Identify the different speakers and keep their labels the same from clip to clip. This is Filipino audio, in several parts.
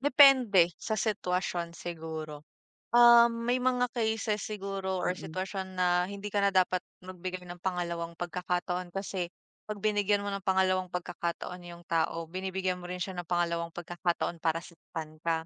Speaker 1: Depende sa sitwasyon siguro, ah. May mga cases siguro or
Speaker 2: Mm.
Speaker 1: sitwasyon na hindi ka na dapat magbigay ng pangalawang pagkakataon, kasi pag binigyan mo ng pangalawang pagkakataon 'yung tao, binibigyan mo rin siya ng pangalawang pagkakataon para saktan ka.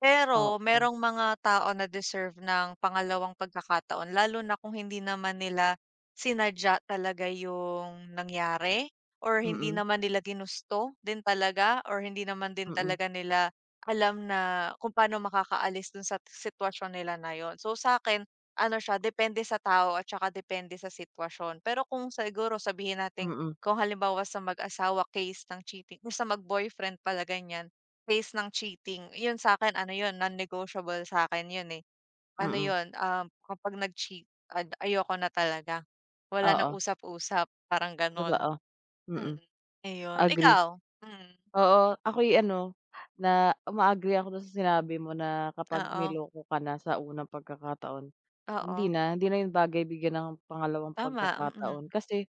Speaker 1: Pero
Speaker 2: Oo.
Speaker 1: merong mga tao na deserve ng pangalawang pagkakataon, lalo na kung hindi naman nila sinadya talaga 'yung nangyari? Or hindi
Speaker 2: Mm.
Speaker 1: naman nila ginusto din talaga, or hindi naman din
Speaker 2: Mm.
Speaker 1: talaga nila alam na kung paano makakaalis doon sa sitwasyon nila na 'yun. So sa akin, ano siya, depende sa tao at tsaka depende sa sitwasyon. Pero kung siguro sabihin natin
Speaker 2: Mm.
Speaker 1: kung halimbawa sa mag-asawa, case ng cheating, kung sa mag-boyfriend pala ganyan, case ng cheating, 'yun sa akin ano 'yun, non-negotiable sa akin 'yun eh. Ano
Speaker 2: Mm.
Speaker 1: 'yun, ah, kapag nag-cheat, ad ayoko na talaga, wala nang
Speaker 2: Oo.
Speaker 1: usap-usap, parang ganoon.
Speaker 2: Totoo, mm.
Speaker 1: Mm, ayon.
Speaker 2: Agree.
Speaker 1: Ikaw, mm?
Speaker 2: Oo, ako'y ano na uma-agree ako doon sa sinabi mo na kapag
Speaker 1: Oo.
Speaker 2: niloko ka na sa unang pagkakataon, hindi
Speaker 1: Oo.
Speaker 2: na, hindi na 'yun bagay bigyan ng pangalawang
Speaker 1: Tama, mm.
Speaker 2: pagkakataon, kasi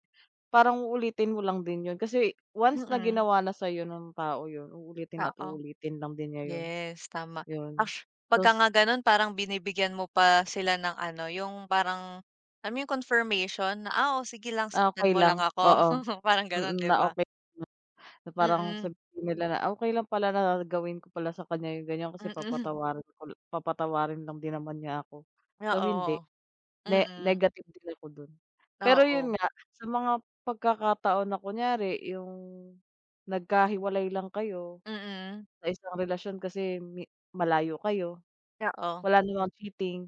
Speaker 2: parang uulitin mo lang din 'yon. Kasi once na
Speaker 1: Mm.
Speaker 2: ginawa na sa 'yo ng tao 'yon, uulitin at
Speaker 1: Oo,
Speaker 2: uulitin lang din niya 'yun,
Speaker 1: yes, tama. Act 'pag
Speaker 2: tapos
Speaker 1: nga ganoon, parang binibigyan mo pa sila ng ano, 'yung parang, alam mo 'yung confirmation na, "Ah, o sige lang,
Speaker 2: Ah,
Speaker 1: saktan
Speaker 2: okay
Speaker 1: mo lang
Speaker 2: lang
Speaker 1: ako."
Speaker 2: oo,
Speaker 1: parang ganoon,
Speaker 2: mm.
Speaker 1: 'di
Speaker 2: Na
Speaker 1: 'ba?
Speaker 2: okay na parang
Speaker 1: Mm.
Speaker 2: sabihin nila na, Okay lang pala na gawin ko pala sa kanya 'yung ganyan, kasi
Speaker 1: Mm.
Speaker 2: papatawarin, ul papatawarin lang din naman niya ako. So, hindi.
Speaker 1: Oo,
Speaker 2: Ne
Speaker 1: mm.
Speaker 2: negative din ako doon. Pero 'yun
Speaker 1: Oo.
Speaker 2: nga, sa mga pagkakataon na kunwari 'yung nagkahiwalay lang kayo
Speaker 1: Mm.
Speaker 2: sa isang relasyon kasi mi malayo kayo,
Speaker 1: Oo.
Speaker 2: wala namang cheating,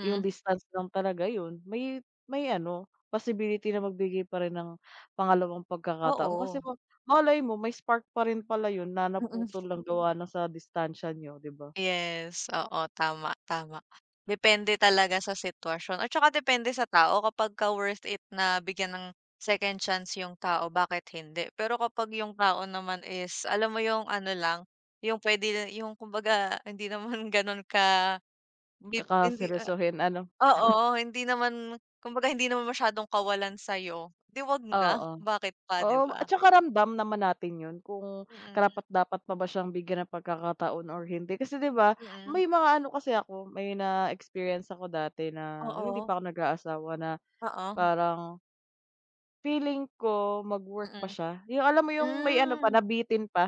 Speaker 2: 'yung distance lang talaga, 'yun may, may ano possibility na magbigay pa rin ng pangalawang pagkakataon. Kasi
Speaker 1: Oo.
Speaker 2: ma malay mo may spark pa rin pala 'yun na
Speaker 1: Mm.
Speaker 2: naputol lang gawa na sa distansya niyo, 'di 'ba?
Speaker 1: Yes, oo, tama, tama. Depende talaga sa sitwasyon at tsaka depende sa tao. Kapagka worth it na bigyan ng second chance 'yung tao, bakit hindi? Pero kapag 'yung tao naman is alam mo 'yung ano lang, 'yung pwede yung kumbaga hindi naman ganoon ka dip hindi,
Speaker 2: Kaka-seryosohin, ano?
Speaker 1: ah oo, hindi naman, kumbaga hindi naman masyadong kawalan sa 'yo, 'di huwag na,
Speaker 2: Oo,
Speaker 1: bakit pa, 'di
Speaker 2: oo. At
Speaker 1: 'ba?
Speaker 2: tsaka ramdam naman natin 'yun kung
Speaker 1: Mm.
Speaker 2: karapat-dapat pa ba siyang bigyan ng pagkakataon or hindi. Kasi 'di 'ba
Speaker 1: Mm.
Speaker 2: may mga ano kasi ako may na-experience ako dati na 'yung hindi
Speaker 1: Oo.
Speaker 2: pa ako nag-aasawa na
Speaker 1: Oo.
Speaker 2: parang, feeling ko magwo-work
Speaker 1: Mm.
Speaker 2: pa siya, 'yung alam mo 'yung may ano pa,
Speaker 1: Hmm.
Speaker 2: nabitin pa.